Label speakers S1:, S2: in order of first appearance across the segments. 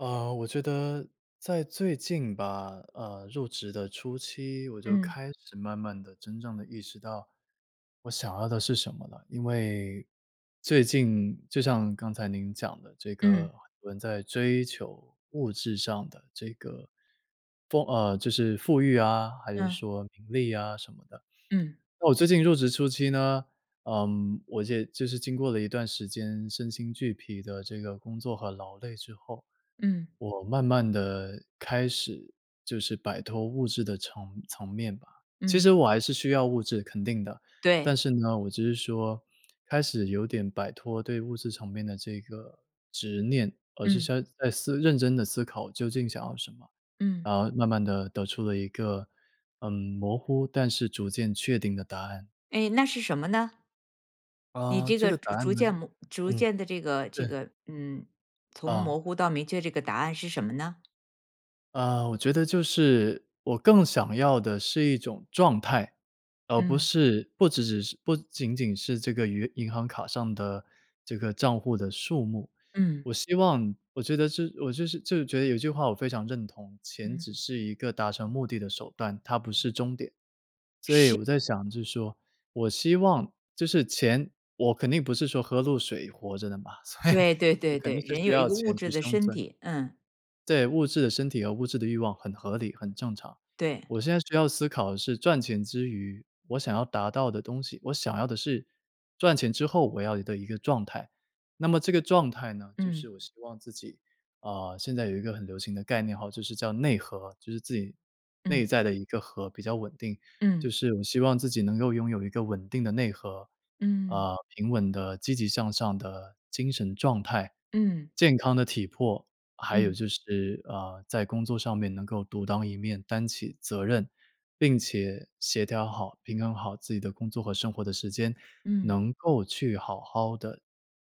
S1: 呃，我觉得在最近吧，呃，入职的初期，我就
S2: 嗯。
S1: 开始慢慢地真正地意识到，我想要的是什么了。因为最近就像刚才您讲的这
S2: 嗯。
S1: 个人在追求物质上的这个风呃，就是富裕啊，还是
S2: 嗯。
S1: 说名利啊什么的。
S2: 嗯。
S1: 那我最近入职初期呢，呃，我也就是经过了一段时间身心俱疲的这个工作和劳累之后，
S2: 嗯。
S1: 我慢慢地开始就是摆脱物质的层层面吧。其
S2: 嗯。
S1: 实我还是需要物质，肯定的，但
S2: 对。
S1: 是呢，我只是说开始有点摆脱对物质层面的这个执念，而是
S2: 嗯。
S1: 先在思认真地思考究竟想要什么，
S2: 嗯。
S1: 然后慢慢地得出了一个，嗯，模糊，但是逐渐确定的答案。
S2: 诶，那是什么呢？你
S1: 啊，
S2: 这
S1: 这
S2: 个
S1: 个答
S2: 逐
S1: 案
S2: 逐
S1: 呢
S2: 渐模逐
S1: 嗯，
S2: 渐的这个这
S1: 对。
S2: 个，嗯，从
S1: 啊。
S2: 模糊到明确这个答案是什么呢？
S1: 啊，我觉得就是我更想要的是一种状态，而不
S2: 嗯。
S1: 是不只只是不仅仅是这个余银行卡上的这个帐户的数目。
S2: 嗯。
S1: 我希望我觉得这我我就是就是觉得有一句话我非常认同，钱
S2: 嗯。
S1: 只是一个达成目的的手段，它不是终点。所以
S2: 是。
S1: 我在想就是说，我希望就是钱我肯定不是说喝露水活着的嘛，所以
S2: 对对
S1: 我
S2: 对
S1: 肯
S2: 对，
S1: 定是
S2: 人
S1: 需
S2: 有一
S1: 要
S2: 个物
S1: 钱去
S2: 质的
S1: 生
S2: 身
S1: 存。
S2: 体，嗯。
S1: 对，物质的身体和物质的欲望很合理很正常，
S2: 对。
S1: 我现在需要思考的是赚钱之余，我想要达到的东西，我想要的是赚钱之后我要的一个状态。那么这个状态呢就
S2: 嗯。
S1: 是我希望自己，啊，现在有一个很流行的概念哈，就是叫内核，就是自己内
S2: 嗯。
S1: 在的一个核比较稳定，就
S2: 嗯。
S1: 是我希望自己能够拥有一个稳定的内核，
S2: 嗯。
S1: 呃，平稳的积极向上的精神状态，
S2: 嗯。
S1: 健康的体魄，还有
S2: 嗯。
S1: 就是，呃，在工作上面能够独当一面，担起责任，并且协调好、平衡好自己的工作和生活的时间，
S2: 嗯。
S1: 能够去好好地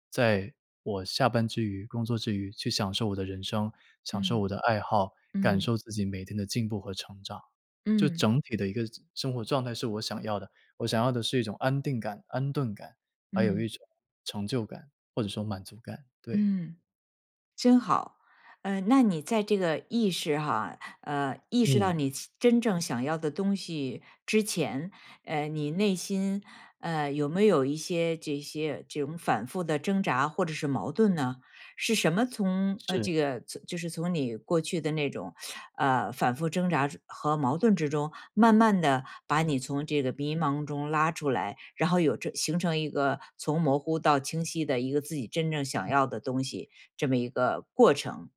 S1: 在我下班之余、工作之余去享受我的人生，享受
S2: 嗯，
S1: 我的爱好，感
S2: 嗯。
S1: 受自己每天的进步和成长。就
S2: 嗯。
S1: 整体的一个生活状态是我想要的，我想要的是一种安定感、安顿感，还有一
S2: 嗯。
S1: 种成就感，或者说满足感，对。
S2: 嗯，真好。呃，那你在这个意识哈，呃，意识到
S1: 嗯。
S2: 你真正想要的东西之前，呃，你内心，呃，有没有一些这些这种反复的挣扎或者是矛盾呢？是什么从，呃，
S1: 是。
S2: 这个就是从你过去的那种，呃，反复挣扎和矛盾之中，慢慢地把你从这个迷茫中拉出来，然后有这形成一个从模糊到清晰的一个自己真正想要的东西，这么一个过程。